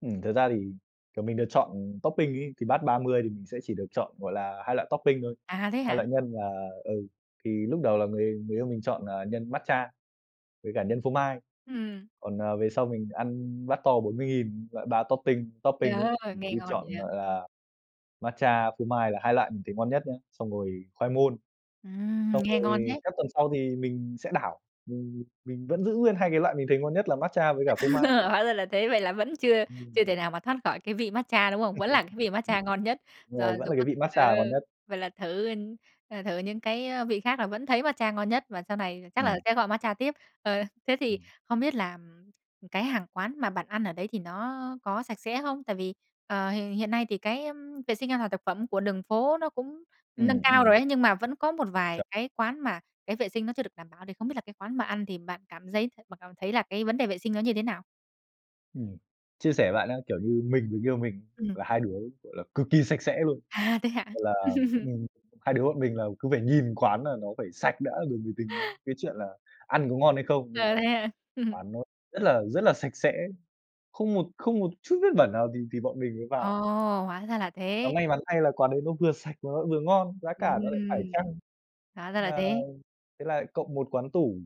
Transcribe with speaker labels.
Speaker 1: Ừm, thật ra thì, kiểu, mình được chọn topping ấy, thì bát 30 thì mình sẽ chỉ được chọn, gọi là, hai loại topping thôi,
Speaker 2: À, thế
Speaker 1: 2
Speaker 2: hả?
Speaker 1: loại nhân là ừ, thì lúc đầu là người người yêu mình chọn là nhân matcha với cả nhân phô mai.
Speaker 2: Ừm.
Speaker 1: Còn, à, về sau mình ăn bát to 40.000 loại 3 topping
Speaker 2: Trời
Speaker 1: topping ấy,
Speaker 2: ơi! Nghe
Speaker 1: cứ
Speaker 2: ngon
Speaker 1: chọn,
Speaker 2: vậy.
Speaker 1: gọi là, matcha, phô mai là hai loại mình thấy ngon nhất nhá, xong rồi khoai môn.
Speaker 2: Ừm,
Speaker 1: Xong
Speaker 2: nghe ngon
Speaker 1: rồi
Speaker 2: thế.
Speaker 1: các tuần sau thì mình sẽ đảo, mình mình vẫn giữ nguyên hai cái loại mình thấy ngon nhất là matcha với cả phô mai.
Speaker 2: Hóa ra là thế. Vậy là vẫn chưa
Speaker 1: Ừm.
Speaker 2: chưa thể nào mà thoát khỏi cái vị matcha, đúng không? Vẫn là cái vị matcha ngon nhất? Rồi,
Speaker 1: Rồi, vẫn
Speaker 2: dù
Speaker 1: là
Speaker 2: có
Speaker 1: cái vị matcha
Speaker 2: ờ.
Speaker 1: là ngon nhất.
Speaker 2: Vậy là thử, ờ, thử những cái vị khác là vẫn thấy matcha ngon nhất và sau này chắc là
Speaker 1: Ừm.
Speaker 2: sẽ gọi matcha tiếp? Ờ, thế thì
Speaker 1: Ừm.
Speaker 2: không biết là cái hàng quán mà bạn ăn ở đấy thì nó có sạch sẽ không? Tại vì, ờ, h hiện nay thì cái vệ sinh an toàn thực phẩm của đường phố nó cũng nâng
Speaker 1: Ừm,
Speaker 2: cao
Speaker 1: ừm.
Speaker 2: rồi ấy, nhưng mà vẫn có một vài
Speaker 1: Chuẩn.
Speaker 2: cái quán mà cái vệ sinh nó chưa được đảm bảo, thì không biết là cái quán bạn ăn thì bạn cảm giấy bạn cảm thấy là cái vấn đề vệ sinh nó như thế nào?
Speaker 1: Ừm. Chia sẻ với bạn á, kiểu như mình với người yêu mình
Speaker 2: Ừm.
Speaker 1: là hai đứa gọi là cực kỳ sạch sẽ luôn,
Speaker 2: À, thế hả?
Speaker 1: gọi là, ừm, hai đứa bọn mình là cứ phải nhìn quán là nó phải sạch đã rồi mới tính đến cái chuyện là ăn có ngon hay không, nên là
Speaker 2: Ờ, thế hả?
Speaker 1: quán nó rất là rất là sạch sẽ, không một không một chút vết bẩn nào thì thì bọn mình mới
Speaker 2: Ồ!
Speaker 1: vào.
Speaker 2: Hóa ra là
Speaker 1: Và
Speaker 2: thế.
Speaker 1: may mắn thay là quán đấy nó vừa sạch mà nó vừa ngon, giá cả nó lại phải
Speaker 2: Ừm,
Speaker 1: chăng.
Speaker 2: hóa ra là
Speaker 1: À,
Speaker 2: thế.
Speaker 1: thế là cộng một quán tủ.